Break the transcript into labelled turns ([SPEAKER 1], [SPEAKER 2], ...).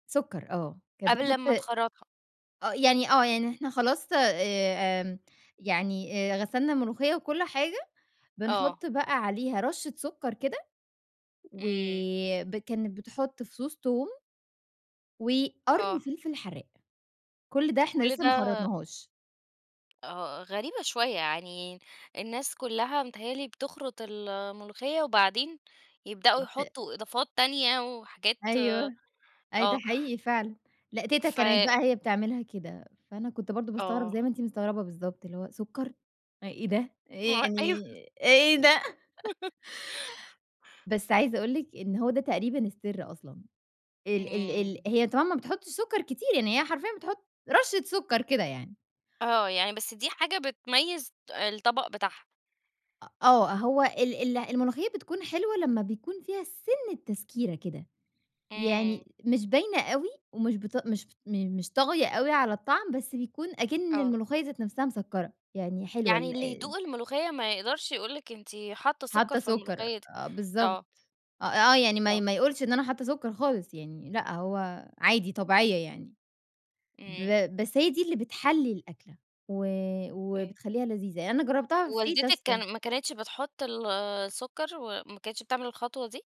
[SPEAKER 1] سكّر آه، كانت
[SPEAKER 2] قبل
[SPEAKER 1] بتحط
[SPEAKER 2] أمّا تخرطها.
[SPEAKER 1] آه يعني آه يعني إحنا خلاص آآ يعني آآ غسلنا الملوخية وكل حاجة،
[SPEAKER 2] آه.
[SPEAKER 1] بنحط بقى عليها رشة سكّر كده
[SPEAKER 2] امم.
[SPEAKER 1] وب كانت بتحط فصوص توم وقرن
[SPEAKER 2] آه.
[SPEAKER 1] فلفل حراق. كُل ده إحنا
[SPEAKER 2] كل
[SPEAKER 1] لسه ما
[SPEAKER 2] ده
[SPEAKER 1] خرطناهاش.
[SPEAKER 2] آه غريبة شوية يعني الناس كلّها متهيأ لي بتخرط الملوخية، وبعدين يبدأوا
[SPEAKER 1] ت
[SPEAKER 2] يحطوا إضافات تانية وحاجات
[SPEAKER 1] أيوه، أيوه ده
[SPEAKER 2] آه.
[SPEAKER 1] حقيقي فعلًا. لأ تيتة
[SPEAKER 2] ف
[SPEAKER 1] كانت بقى هي بتعملها كده، فأنا كنت برضه باستغرب زي
[SPEAKER 2] آه.
[SPEAKER 1] ما أنتِ مستغربة بالضبط اللي هو سكّر؟ أ إيه ده؟ إيه
[SPEAKER 2] ما
[SPEAKER 1] يعني
[SPEAKER 2] أيوه
[SPEAKER 1] إيه ده؟ بس عايزة أقول لِك إن هو ده تقريبًا السر أصلًا، ال ال ال
[SPEAKER 2] امم.
[SPEAKER 1] هي طبعًا ما بتحطش سكّر كتير، يعني هي حرفيًا بتحط رشة سكّر كده يعني.
[SPEAKER 2] آه يعني بس دي حاجة بتميز الطبق بتاعها.
[SPEAKER 1] أ آه هو ال ال الملوخية بتكون حلوة لمّا بيكون فيها سِنة تسكيرة كده،
[SPEAKER 2] امم.
[SPEAKER 1] يعني مش باينة أوي ومش بتق مش مش طاغية أوي على الطعم، بس بيكون أكِن
[SPEAKER 2] آه.
[SPEAKER 1] الملوخية ذات نفسها مسكّرة يعني حلوة
[SPEAKER 2] يعني اللي
[SPEAKER 1] ال
[SPEAKER 2] يدوق الملوخية ما يقدرش يقول لِك أنتِ حاطة سكر
[SPEAKER 1] حاطة
[SPEAKER 2] في
[SPEAKER 1] سكّر
[SPEAKER 2] الملوخية دي
[SPEAKER 1] آه بالضبط،
[SPEAKER 2] آه.
[SPEAKER 1] آه آه يعني ما ي
[SPEAKER 2] آه.
[SPEAKER 1] ما يقولش إن أنا حاطة سكّر خالص يعني لأ هو عادي طبيعية يعني.
[SPEAKER 2] امم.
[SPEAKER 1] ب بس هي دي اللي بتحلّي الأكلة و
[SPEAKER 2] [unintelligible]
[SPEAKER 1] وبتخليّها لذيذة، أنا
[SPEAKER 2] والدتِك
[SPEAKER 1] جربتها [unintelligible]
[SPEAKER 2] كان ما كانتش بتحط ال السكر وما كانتش بتعمل الخطوة دي؟